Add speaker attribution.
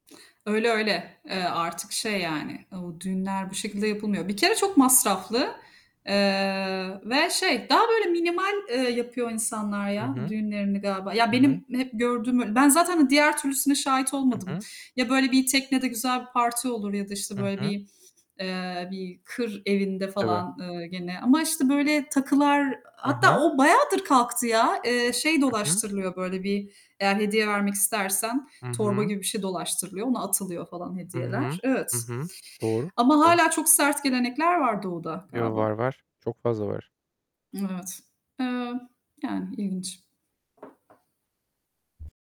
Speaker 1: Öyle, öyle. Eee, artık şey, yani, ı düğünler bu şekilde yapılmıyor. Bir kere çok masraflı, eee, ve şey, daha böyle minimal, eee, yapıyor insanlar
Speaker 2: Hı
Speaker 1: ya,
Speaker 2: hı.
Speaker 1: düğünlerini galiba. Ya,
Speaker 2: I hı.
Speaker 1: benim hep gördüğüm, böyle ben zaten diğer türlüsüne şahit
Speaker 2: Hı
Speaker 1: olmadım.
Speaker 2: hı.
Speaker 1: Ya böyle bir teknede güzel bir parti olur ya da işte
Speaker 2: Hı
Speaker 1: böyle
Speaker 2: hı.
Speaker 1: bir, eee, bir kır evinde
Speaker 2: Tabii.
Speaker 1: falan, eee, gene ama işte böyle takılar
Speaker 2: Hı
Speaker 1: hatta
Speaker 2: hı.
Speaker 1: o bayağıdır kalktı ya. Eee, şey
Speaker 2: Hı hı.
Speaker 1: dolaştırılıyor, böyle bir eğer hediye vermek istersen,
Speaker 2: Hı
Speaker 1: torba
Speaker 2: hı.
Speaker 1: gibi bir şey dolaştırılıyor, ona atılıyor falan
Speaker 2: Hı
Speaker 1: hediyeler.
Speaker 2: hı. Hı
Speaker 1: Evet,
Speaker 2: hı. Doğru.
Speaker 1: ama
Speaker 2: Doğru.
Speaker 1: hâlâ çok sert gelenekler var Doğu'da
Speaker 2: Yo, var,
Speaker 1: galiba.
Speaker 2: var, çok fazla var.
Speaker 1: Evet. Eee, yani ilginç.